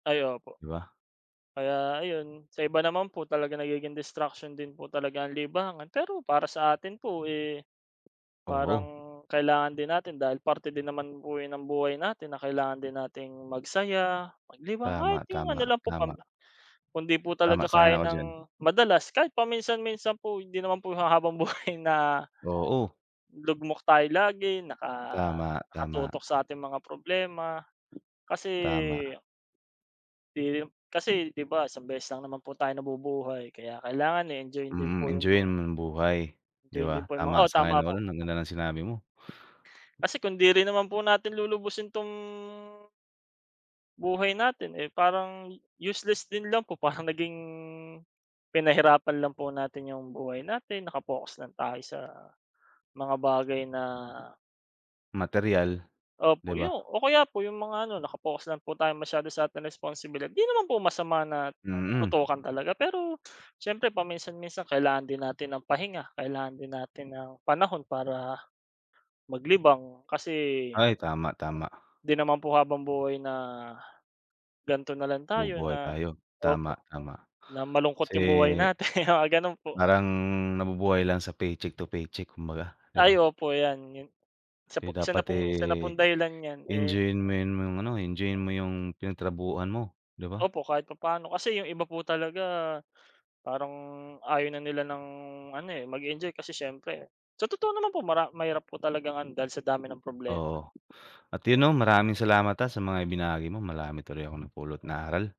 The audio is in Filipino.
Ay opo. 'Di ba? Kaya ayon, sa iba naman po, talagang nagiging destruction din po talaga ang libangan. Pero para sa atin po, eh, parang Oo. kailangan din natin dahil parte din naman po yan ng buhay natin na kailangan din natin magsaya, maglibang, kahit Tama, yung ano tama, lang po pam tama. kung 'di po talaga Tama, kaya sang-ayon ako diyan. nang madalas, kahit paminsan-minsan po. Hindi naman po yung ha habang-buhay na Oo. lugmok tayo lagi naka Tama, tama. nakatutok sa ating mga problema kasi Tama. Eh, kasi, 'di ba isang beses lang naman po tayo nabubuhay, kaya kailangan, eh, enjoyin din Mm, po yung enjoyin mga mo ang buhay, 'di enjoyin din ba? po yung mga oh, Tama, tama sang-ayon ako po. ro'n. Ang ganda ng sinabi mo. Kasi kung 'di rin naman po natin lulubusin 'tong buhay natin, eh, parang useless din lang po. Parang naging pinahirapan lang po natin yung buhay natin, naka-focus lang tayo sa mga bagay na Materyal, 'di Opo, yu ba? o kaya po yung mga ano, naka-focus lang po tayong masyado sa ating responsibilidad. 'Di naman po masama na Mm. tutukan talaga. Pero siyempre paminsan-minsan, kailangan din natin ng pahinga, kailangan din natin ng panahon para, maglibang kasi Ay tama, tama. 'di naman po habang-buhay na gan'to na lang tayo Bubuhay na tayo. Tama, opo, tama. na malungkot Kasi, yung buhay natin. Mga gano'n po. parang nabubuhay lang sa paycheck to paycheck kumbaga, 'di Ay ba? opo, yan, yu isa Kasi po isa na dapat, pong isa na eh, pong dahilan yan. Eh enjoyin mo yun mga ano, enjoyin mo yung pinagtrabahuan mo, 'di ba? Opo, kahit papaano. Kasi 'yong iba po talaga, parang ayaw na nila ng ano, eh, mag-enjoy. Kasi siyempre sa totoo naman po, mara mahirap po talagang ano, dahil sa dami ng problema. Oo. At yun 'no, maraming salamat, ah, sa mga ibinagi mo. Marami tuloy akong napulot na aral.